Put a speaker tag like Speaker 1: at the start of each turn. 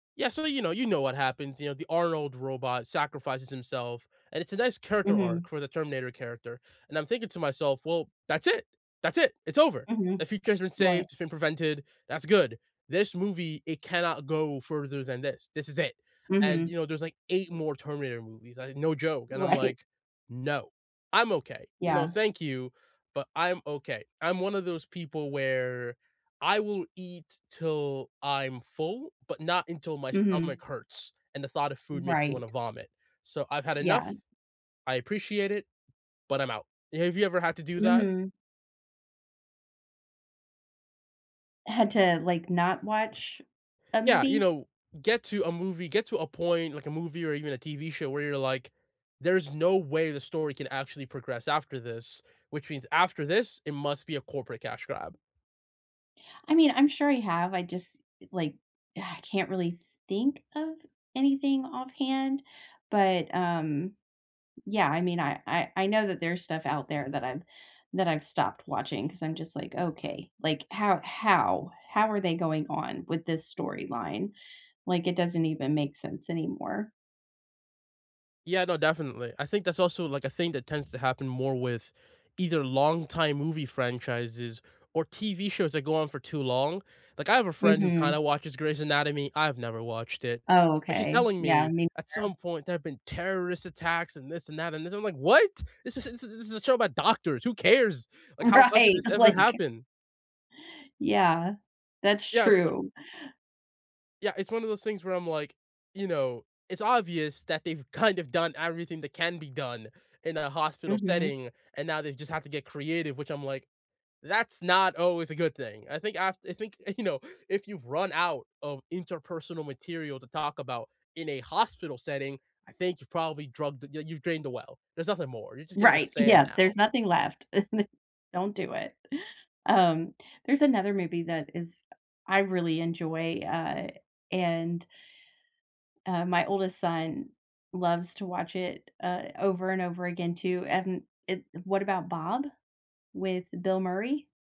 Speaker 1: Yeah so, you know you know what happens, you know, the Arnold robot sacrifices himself, and it's a nice character arc
Speaker 2: Mhm.
Speaker 1: for the Terminator character and I'm thinking to myself, "Well, that's it. That's it. It's over.
Speaker 2: Mhm.
Speaker 1: The future has been saved.
Speaker 2: Right.
Speaker 1: It's been prevented. That's good. This movie, it cannot go further than this. This is it," and, you
Speaker 2: Mhm.
Speaker 1: know, there's like 8 more Terminator movies. I No joke. And I'm
Speaker 2: Right.
Speaker 1: like, "No, I'm okay." You know,
Speaker 2: Yeah.
Speaker 1: "Thank you, but I'm okay." I'm one of those people where I will eat till I'm full, but not until my
Speaker 2: Mhm.
Speaker 1: stomach hurts and the thought of food makes me wanna
Speaker 2: Right.
Speaker 1: vomit. So, "I've had enough.
Speaker 2: Yeah.
Speaker 1: I appreciate it, but I'm out." Have you ever had to do that?
Speaker 2: Mhm. Had to, like, not watch a
Speaker 1: Yeah. You
Speaker 2: movie?
Speaker 1: know, get to a movie get to a point like a movie or even a TV show where you're like, "There's no way the story can actually progress after this, which means after this, it must be a corporate cash grab."
Speaker 2: I mean, I'm sure I have. I just, like, I can't really think of anything offhand? But, um, yeah, I mean, I I I know that there's stuff out there that I've that I've stopped watching 'cause I'm just like, "Okay. Like, how how? How are they going on with this storyline? Like, it doesn't even make sense anymore."
Speaker 1: Yeah, no, definitely. I think that's also like a thing that tends to happen more with, either long time movie franchises, or TV shows that go on for too long. Like I have a friend who kind
Speaker 2: Mhm.
Speaker 1: of watches Grey's Anatomy- I've never watched it-
Speaker 2: Oh,
Speaker 1: but she's
Speaker 2: okay.
Speaker 1: telling
Speaker 2: Yeah.
Speaker 1: me
Speaker 2: Mean
Speaker 1: at
Speaker 2: girl.
Speaker 1: some point, there have been terrorist attacks and this and that and this. I'm like, "What? This is this is this is a show about doctors. Who cares? Like, how the hell did
Speaker 2: Right,
Speaker 1: this ever
Speaker 2: like
Speaker 1: happen?"
Speaker 2: Yeah. That's
Speaker 1: Yeah, so
Speaker 2: true.
Speaker 1: Yeah, it's one of those things where I'm like, you know, it's obvious that they've kind of done everything that can be done in a hospital
Speaker 2: Mhm.
Speaker 1: setting, and now they've just had to get creative, which I'm like, "That's not always a good thing." I think af I think, you know, if you've run out of interpersonal material to talk about in a hospital setting, I think you've probably drugged the yeah, you've drained the well. There's nothing more. You're just gonna get
Speaker 2: Right.
Speaker 1: sand
Speaker 2: Yeah.
Speaker 1: now.
Speaker 2: There's nothing left. Don't do it. Um, there's another movie that is I really enjoy, uh, and uh, my oldest son loves to watch it, uh, over and over again, too. And it What About Bob? with Bill Murray?